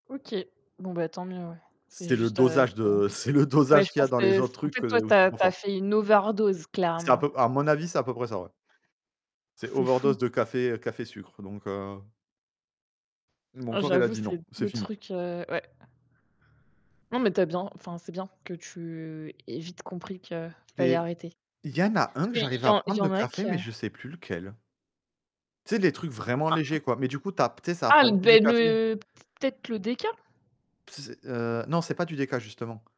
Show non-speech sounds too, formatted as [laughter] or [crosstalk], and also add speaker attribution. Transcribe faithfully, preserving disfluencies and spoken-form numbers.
Speaker 1: OK, bon, bah, tant mieux ouais. C'est
Speaker 2: C'est le
Speaker 1: juste, heu,
Speaker 2: dosage
Speaker 1: [unintelligible]
Speaker 2: de, c'est le
Speaker 1: ouais,
Speaker 2: dosage
Speaker 1: je
Speaker 2: qu'il y a
Speaker 1: pense
Speaker 2: dans
Speaker 1: que,
Speaker 2: les autres
Speaker 1: en
Speaker 2: trucs,
Speaker 1: fait,
Speaker 2: que
Speaker 1: toi, tu
Speaker 2: c'est
Speaker 1: as
Speaker 2: trop
Speaker 1: tu as
Speaker 2: fort.
Speaker 1: fait une overdose
Speaker 2: C'est à
Speaker 1: clairement.
Speaker 2: peu, à mon avis, c'est à peu près ça, ouais. C'est
Speaker 1: C'est fou.
Speaker 2: overdose de café café sucre, donc heu mon
Speaker 1: Ah,
Speaker 2: corps, il a
Speaker 1: j'avoue,
Speaker 2: dit
Speaker 1: c'est
Speaker 2: non, c'est
Speaker 1: deux
Speaker 2: fini.
Speaker 1: truc, heu, ouais. Non, mais tu as bien, enfin, c'est bien que tu aies vite compris qu'il fallait
Speaker 2: Il
Speaker 1: arrêter.
Speaker 2: y en a un
Speaker 1: Parce
Speaker 2: que
Speaker 1: qu'il
Speaker 2: j'arrive
Speaker 1: y
Speaker 2: à
Speaker 1: en il y
Speaker 2: prendre de
Speaker 1: en a que
Speaker 2: café, mais je ne sais plus lequel tu sais? Les trucs vraiment légers, quoi, mais du coup, tu as, tu sais, ça a
Speaker 1: Ah
Speaker 2: pas
Speaker 1: le
Speaker 2: le
Speaker 1: d
Speaker 2: goût du café.
Speaker 1: [unintelligible] peut être le déca?
Speaker 2: S heu, non, ce n'est pas du déca, justement.